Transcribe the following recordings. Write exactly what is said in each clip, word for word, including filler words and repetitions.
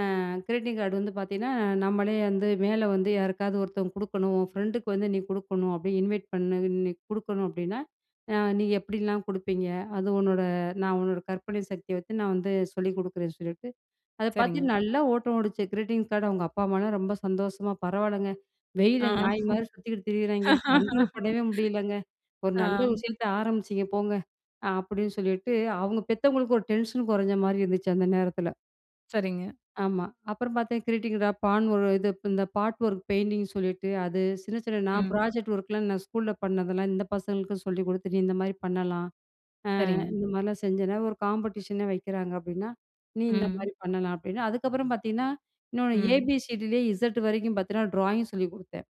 அ, greeting card வந்து பாத்தீங்கன்னா, நம்மளே வந்து மேல வந்து யாருக்காவது ஒருத்தவங்க குடுக்கணும். உன் ஃபிரெண்டுக்கு வந்து, நீ குடுக்கணும் அப்பிடி இன்வைட் பண்ண இன்னிக்கு குடுக்கணும் அப்பிடின்னா, ஆ, நீ எப்பிடிலாம் குடுப்பீங்க? அது உன்னோட நான் உன்னோட கற்பனை சக்திய வச்சி, நான் வந்து சொல்லி குடுக்கிறேன்னு சொல்லிட்டு, அத சரிங்க. பார்த்தீங்கன்னா, நல்ல ஓட்டம் ஓடிச்சு, கிரீட்டிங் கார்டு. அவுங்க அம்மா, அப்பா எல்லாம் ரொம்ப சந்தோஷமா, பரவால்லங்க, ஆ வெயில்ல நாய்மாரி சுத்திக்கிட்டு திரியுறாங்க. கண்ட்ரோல் பண்ணவே முடியலங்க. ஒரு ஆ. நல்ல விஷயத்த ஆரம்பிச்சீங்க, போங்க, அப்பிடின்னு சொல்லிட்டு அவுங்க பெத்தவங்களுக்கு ஒரு டென்ஷன் கொறஞ்சமாரி இருந்துச்சி அந்த நேரத்துல. சரிங்க. ஆமா. அப்பறம் பார்த்தேன் கிரீட்டிங் இதா பான் ஒரு இது இந்த பார்ட் ஒர்க் பெயிண்டிங்னு சொல்லிட்டு அது. சின்ன சின்ன நான் ம். ப்ராஜெக்ட் ஒர்க்லாம் நான் ஸ்கூல பண்ணதெல்லாம் இந்த பசங்களுக்கு சொல்லிக் குடுத்துட்டு, நீ இந்தமாரி பண்ணலாம் ஆ, சரிங்க. இந்த மாரிலாம் செஞ்சேனா ஒரு காம்படிஷன் ஏ வைக்கிறாங்க. அப்பிடின்னா நீ இந்தமாரி ம். பண்ணலாம் அப்பிடின்னா, அதுக்கப்பறம் பார்த்தீங்கன்னா, இன்னொன்னு ம். ஏ-பி-சி-டி-லே இசட் வரைக்கும் பார்த்தீங்கன்னா, ட்ராயிங் சொல்லிக் குடுத்தேன்.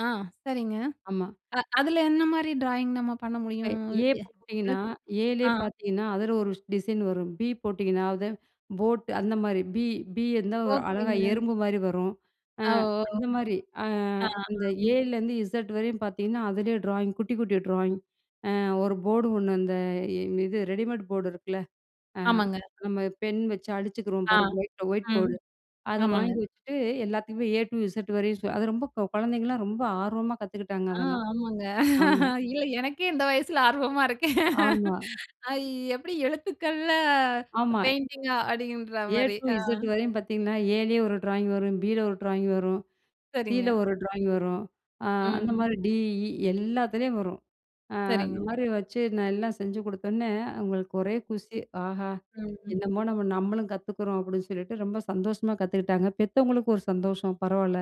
ஆ, சரிங்க. ஆமா. அ, அதுல என்னமாரி ட்ராயிங் நம்ம பண்ண இப்ப முடியும்? ஏ போட்டீங்கன்னா, [unintelligible] ஏ லே ஆ. பாத்தீங்கன்னா, அதுல ஒரு டிசைன் வரும். பி போட்டீங்கன்னா, அது போட், அந்த மாரி, பி, பி வந்து ஒரு அழகா ஓகேங்க. எறும்பு மாரி வரும். அ, ஆ, ஓ, அந்த மாரி, அ, ஆ, ஆ, அந்த ஏ ம். ல இருந்து இஸட் வரையும் பாத்தீங்கன்னா, அதுலே டிராயிங், குட்டி குட்டி டிராயிங். அ, ஒரு போர்டு ஒன்னு இந்த, இது ரெடிமேட் போர்டு இருக்குல்ல? அ, ஆமாங்க. நம்ம பென் வச்சு அழிச்சுக்குறோம் ஆ. பாருங்க! வீட்ல ஒயிட் ம். போர்டு, அத ஆமாங்க. வாங்கி வச்சிட்டு, எல்லாத்துக்குமே ஏ டு இஸட் வரையும் அது ரொம்ப கொழந்தைகலாம் ரொம்ப ஆர்வமா கத்துக்கிட்டாங்க ஆ. அதெல்லாம். ஆமாங்க. ஆமா. இல்ல எனக்கே இந்த வயசில ஆர்வமா இருக்கேன். ஆமா. ஐ எப்பிடி எழுத்துக்கள்ல ஆமா. பெயிண்டிங்கா? ஏ அப்பிடின்றமாரி. டூ ஆ. இசட் வரையும் பாத்தீங்கன்னா, ஏ லே ஒரு ட்ராயிங் வரும் பி ல ஒரு ட்ராயிங் வரும். சீ ல சரிங்க. ஒரு ட்ராயிங் வரும். அ, அந்த ம். மாரி டீ ஈ எல்லாத்துலேயும் வரும். அ, அந்த சரிங்க. மாரி வச்சி நான் எல்லாம் செஞ்சி கொடுத்தவுனே அவுங்களுக்கு ஒரே குஷி. ஆஹா! ம்ஹ்ம். என்னமா நம்ம நம்மளும் கத்துக்குறோம் அப்பிடின்னு சொல்லிட்டு, ரொம்ப சந்தோஷமா கத்துக்கிட்டாங்க. பெத்தவங்களுக்கு ஒரு சந்தோஷம் பரவால்ல,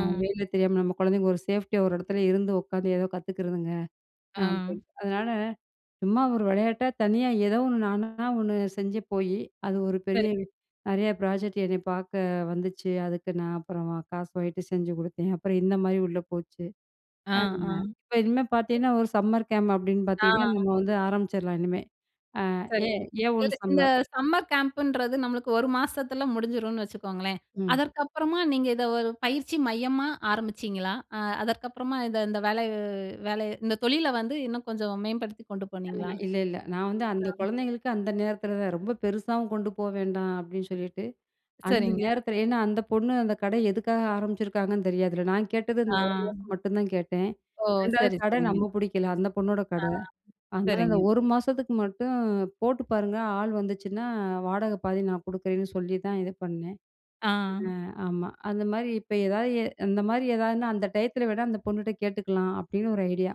அ, வேல தெரியாம நம்ம கொழந்தைங்க ஒரு சேஃப்டியா ஒரு எடத்துல இருந்து உக்காந்து ஏதோ கத்துக்கிறதுங்க ஆ. அப்பிடின்னு. அதனால சும்மா ஒரு வெளையாட்டா தனியா ஏதோ ஒன்னு நானா ஒன்னு செஞ்ச போயி, அது ஒரு பெரிய சரி. நெறையா ப்ராஜெக்ட் என்ன பாக்க வந்துச்சி. அதுக்கு நான் அப்பறம் காசு வாங்கிட்டு செஞ்சி குடுத்தேன். அப்புறம் இந்தமாரி உள்ள போச்சு. ஆ. ஆ. [unintelligible] இப்ப இனிமே [unintelligible] பாத்தீங்கன்னா, ஒரு சம்மர் கேம்ப் அப்பிடின்னு பாத்தீங்கன்னா, ஆ. நம்ம வந்து ஆரம்பிச்சுர்லாம் இனிமே. அ, ஏ சரிங்க. ஏ ஒன் இதுல, இந்த சம்மர். சம்மர் கேம்ப் ன்றது நம்மளுக்கு ஒரு மாசத்தில முடிஞ்சிருன்னு வச்சுக்கோங்களேன்! ம். அதற்கு அப்பறமா நீங்க இத ஒரு பயிற்சி மையமா ஆரம்பிச்சீங்களா? அ, அதற்கு அப்பறமா இத இந்த வேலை, வேலை இந்த தொழில வந்து இன்னும் கொஞ்சம் மேம்படுத்திக் கொண்டு போனீங்களா? [unintelligible] இல்ல, இல்ல. நான் வந்து அந்த [unintelligible] கொழந்தைகளுக்கு அந்த நேரத்துலதான், ரொம்ப பெருசாவும் கொண்டு போக வேண்டாம் அப்பிடின்னு சொல்லிட்டு, அந்த சரிங்க. நேரத்துல ஏன்னா அந்தப் பொண்ணு அந்தக் கடை எதுக்காக ஆரம்பிச்சுருக்காங்கன்னு தெரியாது இல்ல. நான் கேட்டது ஆ. [unintelligible] மட்டும்தான் கேட்டேன். ஓ! ரெண்டாவது சரி. கடை சரிங்க. நம்ம புடிக்கல, அந்தப் பொண்ணோட ஆ. கடை. அதனால அந்த சரிங்க ஒரு மாசத்துக்கு மட்டும் போட்டுப் பாருங்க, ஆள் வந்துச்சுன்னா வாடக பாதி நான் குடுக்கிறேன்னு சொல்லிதான் இது பண்ணேன். ஆ. அ, ஆமா, அந்தமாரி இப்ப எதாவது அந்தமாரி ஏதாவதுன்னா அந்த டயத்துல வேணா அந்தப் பொண்ணுட்ட கேட்டுக்கலாம், அப்பிடின்னு ஒரு ஐடியா!